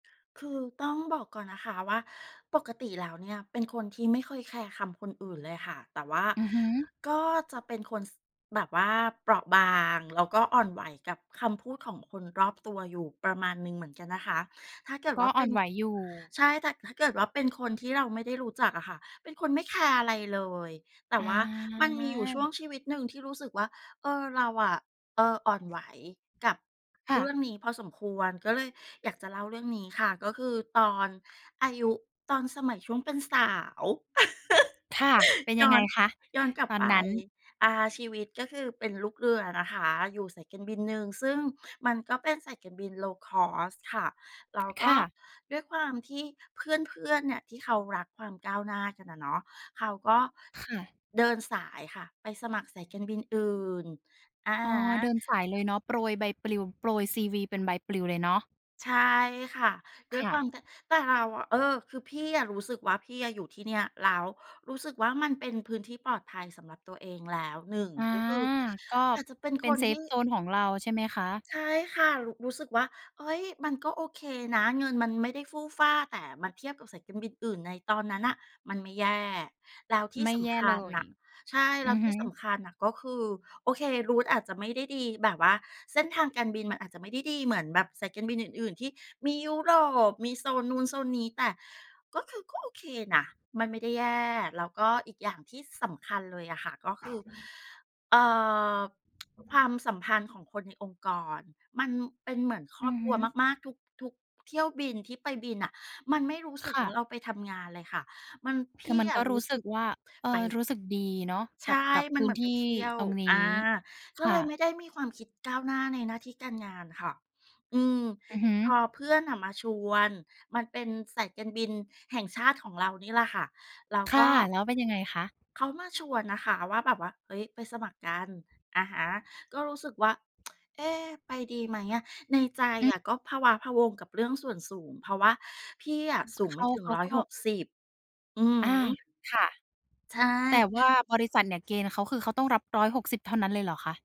คือต้องบอกก่อนนะคะว่า ปกติแล้วเนี่ยเป็นคนที่ไม่เคยแคร์คำคนอื่นเลยค่ะ แต่ว่าอือฮึ ก็จะเป็นคน ส แบบว่าเปราะบาง แล้วก็อ่อนไหวกับคำพูดของคนรอบตัวอยู่ประมาณหนึ่งเหมือนกันนะคะ ถ้าเกิดกว็่าอเ่ปอ็นน ไหวอยู่ ใช่ แต่ถ้าเกิดว่าเป็นคนที่เราไม่ได้รู้จักอะค่ะ เป็นคนไม่แคร์อะไรเลย แต่อว่ามันมีอยู่ช่วา งชีวิตหนึ่งที่รู้สึกว่า เออ เราอะ เอ่อ อ่อนไหวกับ ค่เรื่ะ องนี้พอสมควร ก็เลยอยากจะเล่าเรื่องนี้ค่ะ ก็คือตอนอายุตอนสมัยช่วงเป็นสาว ค่ะ เป็นยยั้งอไงน คะย้อนกลับตอนไป นั้น? อ่า ชีวิตก็คือเป็นลูกเรือนะคะ อยู่สายการบินหนึ่ง ซึ่งมันก็เป็นสายการบิน low-cost ค่ะ แล้วกค็่ะ ด้วยความที่เพื่อน ๆ เนี่ย ที่เขารักความก้าวหน้ากันอะเนาะ เขาก็ ค่ะ เดินสายค่ะ ไปสมัครสายการบินอื่น อะอฮ๋อ เดิะ นสายเลยเนาะ โปรยใบปลิว โปรย CV เป็นใบปลิวเลยเนาะ ใช่ค่ะ ด้วคย่ควาะ ม แต่ แต่เราอะ เออ คือพี่อะรู้สึกว่าพี่อะอยู่ที่เนี่ย แล้วรู้สึกว่ามันเป็นพื้นที่ปลอดภัยสำหรับตัวเองแล้ว 1 อา ก็คือก็อาจจะเป็นเป็คน นเซทีฟ่ โซน ของเราใช่ไหมคะ? ใช่ค่ะ รู้ รู้สึกว่า เฮ้ย มันก็โอเคนะ เงินมันไม่ได้ฟู่ฟ่า แต่มันเทียบกับสายการบินอื่นในตอนนั้นน่ะมันไม่แย่ แล้วทีไ่ม่สแย่ำคเลัญย น่ะ ใช่ อืแล้วอฮทีึ ่สำคัญน่ะก็คือ โอเค route มันอาจจะไม่ได้ดีแบบว่า เส้นทางการบินมันอาจจะไม่ได้ดีเหมือนแบบสายการบินอื่น ๆ ที่มียุโรป มีโซนนู้นโซนนี้ แต่ ก็คือก็โอเคนะ มันไม่ได้แย่ แล้วก็อีกอย่างที่สำคัญเลยอะค่ะ ก็คือ เอ่อ ความสัมพันธ์ของคนในองค์กร มันเป็นเหมือนคอืรอบอคฮรัวึ มาก ๆ ทุก ทุกเที่ยวบินที่ไปบินน่ะ มันไม่รู้สคึก่ว่ะ าเราไปทำงานเลยค่ะ มัน พคือี่มันอก็ะรรูู้้สสึึกก ว่า เอ่ไป อ รู้สึกดีเนาะใชกั่ บ กับมพันื้เหมนือทนไปี่เที่ยว ตรงนีอา ้ ก็คเ่ลยไะ ม่ได้มีความคิดก้าวหน้าในหน้าที่การงานค่ะ อืม อือฮึ พอเพื่อนน่ะมาชวน มันเป็นสายการบินแห่งชาติของเรานี่แหละค่ะ แล้วคก่ะ ็ แล้วเป็นยังไงคะ? เขามาชวนนะคะว่าแบบว่า เฮ้ย ไปสมัครกัน อะฮะ ก็รู้สึกว่า เอ๊ ไปดีไหมอะ ในใจอือ อะก็พะว้าพะวัง กับเรื่องส่วนสูง เพราะว่าพี่อะสูงเขไมา ่ถึเง ขาร้อกย็ หกสิบ อืออา ฮึ ค่ะ ใชแต่่ ว่าบริษัทเนี่ยเกณฑ์เขา คือเขาต้องรับ 160 เท่านั้นเลยเหรอคะ?